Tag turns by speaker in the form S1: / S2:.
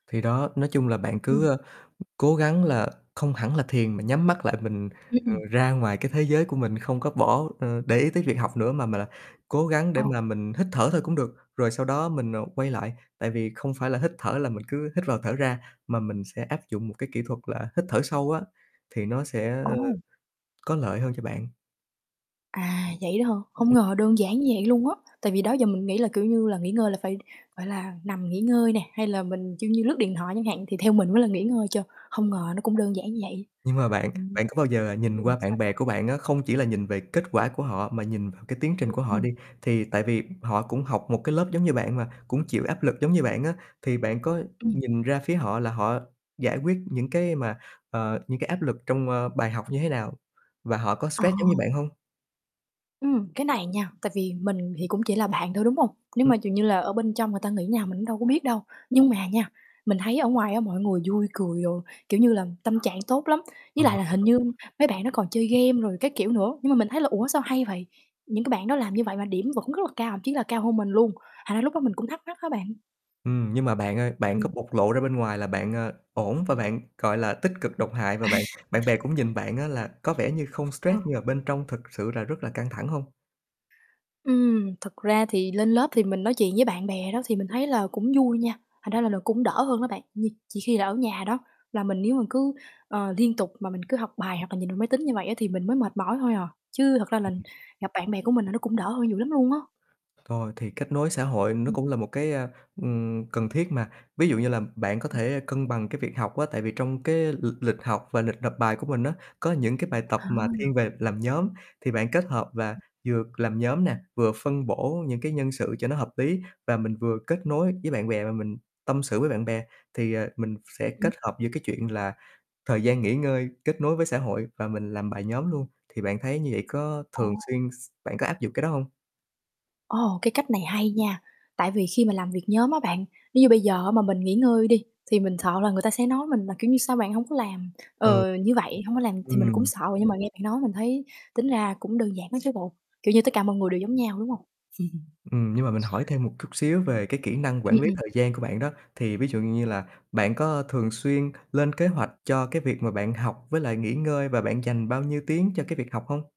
S1: Thì đó, nói chung là bạn
S2: Ừm.
S1: cứ, ơ, ừm, cố gắng là không hẳn là thiền, mà nhắm mắt lại, mình, ờ,
S2: Ừm.
S1: ra ngoài cái thế giới của mình không có bỏ ờ, để ý tới việc học nữa, mà mà là cố gắng để mà
S2: Ồ.
S1: mình hít thở thôi cũng được, rồi sau đó mình, à, quay lại. Tại vì không phải là hít thở là mình cứ hít vào, thở ra, mà mình sẽ áp dụng một cái kỹ thuật là hít thở sâu á, thì nó sẽ, ơ,
S2: Ồ!
S1: có lợi hơn cho bạn.
S2: À, vậy đó hả? Không
S1: Ừm.
S2: ngờ đơn giản như vậy luôn á. Tại vì đó giờ mình nghĩ là, kiểu như là, nghỉ ngơi là phải, gọi là, nằm nghỉ ngơi nè hay là mình, kiểu như, lướt điện thoại chẳng hạn thì theo mình mới là nghỉ ngơi chơ, hông ngờ nó cũng đơn giản như vậy.
S1: Nhưng mà bạn,
S2: Ừm.
S1: bạn có bao giờ là nhìn
S2: Ừm,
S1: qua
S2: sao,
S1: bạn bè
S2: sao?
S1: của bạn á, không chỉ là nhìn về kết quả của họ mà nhìn vào cái tiến
S2: Ừm,
S1: trình của họ
S2: ừm.
S1: đi, thì tại vì, ừm, họ cũng học một cái lớp giống như bạn mà cũng chịu áp lực giống như bạn á, thì bạn có
S2: Ừm.
S1: nhìn ra phía họ là họ giải quyết những cái mà, ờ, những cái áp lực trong, ơ, bài học như thế nào và họ có
S2: À.
S1: stress giống như bạn hông?
S2: Ừm, cái này nha, tại vì mình thì cũng chỉ là bạn thôi, đúng hông? Nếu
S1: Ừm.
S2: mà, kiểu như là, ở bên trong người ta nghĩ nào mình cũng đâu có biết đâu. Nhưng mà nha, mình thấy ở ngoài á mọi người vui, cười rồi, kiểu như là, tâm trạng tốt lắm. Với
S1: Ờ
S2: lại là hình như
S1: [unintelligible]
S2: mấy bạn đó còn chơi game rồi các kiểu nữa, nhưng mà mình thấy là "Ủa, sao hay vậy?" Những cái bạn đó làm như vậy và điểm vẫn rất là cao, thậm chí là cao hơn mình luôn. Thành ra lúc đó mình cũng thắc mắc á bạn.
S1: Ừm. Nhưng mà bạn ơi, bạn có
S2: Ừm.
S1: bộc lộ ra bên ngoài là bạn, ờ, ổn và bạn, gọi là, tích cực độc hại và
S2: À.
S1: bạn bạn bè cũng nhìn bạn á là có vẻ như không stress
S2: Ừ.
S1: nhưng mà bên trong thực sự là rất là căng thẳng hông?
S2: Ừm, thực ra thì lên lớp thì mình nói chuyện với bạn bè đó thì mình thấy là cũng vui nha, thành ra là nó cũng đỡ hơn đó bạn. Nh chỉ khi là ở nhà đó là mình nếu mà cứ, ờ, liên tục mà mình cứ học bài hoặc là nhìn vào máy tính như vậy á thì mình mới mệt mỏi thôi à, chứ thật ra
S1: Ừm,
S2: là
S1: ừm.
S2: gặp bạn bè của mình là nó cũng đỡ hơn nhiều lắm luôn á.
S1: Rồi thì kết nối xã hội nó
S2: Ừm.
S1: cũng là một cái, a, ừm, cần thiết mà. Ví dụ như là bạn có
S2: Ừm.
S1: thể cân bằng cái việc học á, tại vì trong cái lịch lịch học và lịch nộp bài của mình á, có những cái bài tập
S2: À.
S1: mà thiên về làm nhóm thì bạn kết hợp và
S2: Ừm.
S1: vừa làm nhóm nè, vừa phân bổ những cái nhân sự cho nó hợp lý và mình vừa kết nối với bạn bè và mình tâm sự với bạn bè. Thì, ờ, mình sẽ
S2: Ừm.
S1: kết hợp giữa cái chuyện là thời gian nghỉ ngơi, kết nối với xã hội và mình làm bài nhóm luôn. Thì bạn thấy như vậy có
S2: Ồ.
S1: thường xuyên x bạn có áp dụng cái đó hông?
S2: Ồ, cái cách này hay nha! Tại vì khi mà làm việc nhóm á bạn, nếu như bây giờ á mà mình nghỉ ngơi đi thì mình sợ là người ta sẽ nói mình là, kiểu như: "Sao bạn hổng có làm?"
S1: Ừ.
S2: Ờ, như vậy. Hông có làm thì mình cũng
S1: Ừm.
S2: sợ rồi, nhưng mà nghe bạn nói mình thấy tính ra cũng đơn giản á chứ bộ, kiểu như tất cả mọi người đều giống nhau, đúng hông?
S1: Ừm, nhưng mà mình hỏi thêm một cút xíu về cái kỹ năng
S2: Ừm,
S1: quản lý
S2: ừm.
S1: thời gian của bạn đó. Thì ví dụ như là bạn có thường xuyên lên kế hoạch cho cái việc mà bạn học với lại nghỉ ngơi và bạn dành bao nhiêu tiếng cho cái việc học hông?